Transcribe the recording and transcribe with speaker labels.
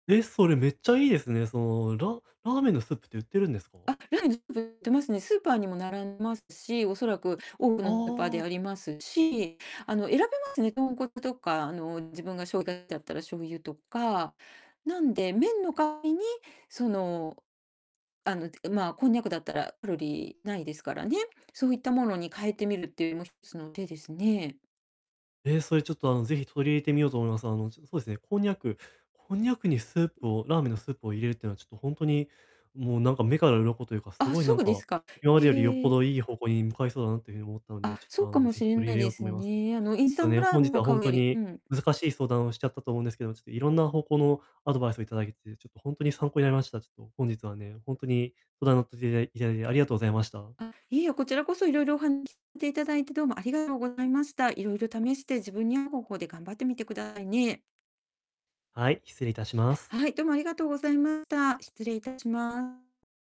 Speaker 1: え、それ、めっちゃいいですね。そのララーメンのスープって売ってるんですか？
Speaker 2: あ、ラーメンのスープ売ってますね。スーパーにも並んでますし、おそらく多く
Speaker 1: あ
Speaker 2: のスーパーであ
Speaker 1: あ。
Speaker 2: りますし、あの選べますね、豚骨とか、あの、自分がしょう [unintelligible] だったら醤油とか、なんで、麺の代わりに、その、あの、ん、まあ、こんにゃくだったらカロリーないですからね。そういったものに変えてみるっていうのも一つの手ですね。
Speaker 1: ええ、それ、ちょっと、あの、是非取り入れてみようと思います。あの、ちょっと、そうですね、こんにゃくこんにゃくにスープをラーメンのスープを入れるっていうのは、ちょっとほんとに、もう、なんか、目から鱗というか、す
Speaker 2: あ、
Speaker 1: ごい、な
Speaker 2: そ
Speaker 1: ん
Speaker 2: うで
Speaker 1: か、
Speaker 2: すか。
Speaker 1: 今までよりよっぽ
Speaker 2: ええ。
Speaker 1: どいい方向に向かいそうだなっていう風に思ったので、
Speaker 2: あ、
Speaker 1: ちょっ
Speaker 2: そ
Speaker 1: と、
Speaker 2: う
Speaker 1: あ
Speaker 2: か
Speaker 1: の、
Speaker 2: も
Speaker 1: 是
Speaker 2: し
Speaker 1: 非
Speaker 2: れ
Speaker 1: 取り
Speaker 2: な
Speaker 1: 入
Speaker 2: い
Speaker 1: れよ
Speaker 2: で
Speaker 1: うと
Speaker 2: す
Speaker 1: 思います。ちょっ
Speaker 2: ね。あの、インスタ
Speaker 1: と
Speaker 2: ン
Speaker 1: ね、
Speaker 2: トラー
Speaker 1: 本
Speaker 2: メ
Speaker 1: 日
Speaker 2: ンを
Speaker 1: はほ
Speaker 2: 買
Speaker 1: ん
Speaker 2: う
Speaker 1: と
Speaker 2: より、
Speaker 1: に
Speaker 2: うん。
Speaker 1: 難しい相談をしちゃったと思うんですけど、ちょっと色んな方向のアドバイスを頂けて、ちょっとほんとに参考になりました。ちょっと本日はね、ほんとに相談に乗っていただい頂いて、ありがとうございました。
Speaker 2: あ、いいえ、こちらこそ、いろいろお話していただいて、どうもありがとうございました。いろいろ試して自分に合う方法で頑張ってみてくださいね。
Speaker 1: はい、失礼いたします。
Speaker 2: はい、どうもありがとうございました。失礼いたします。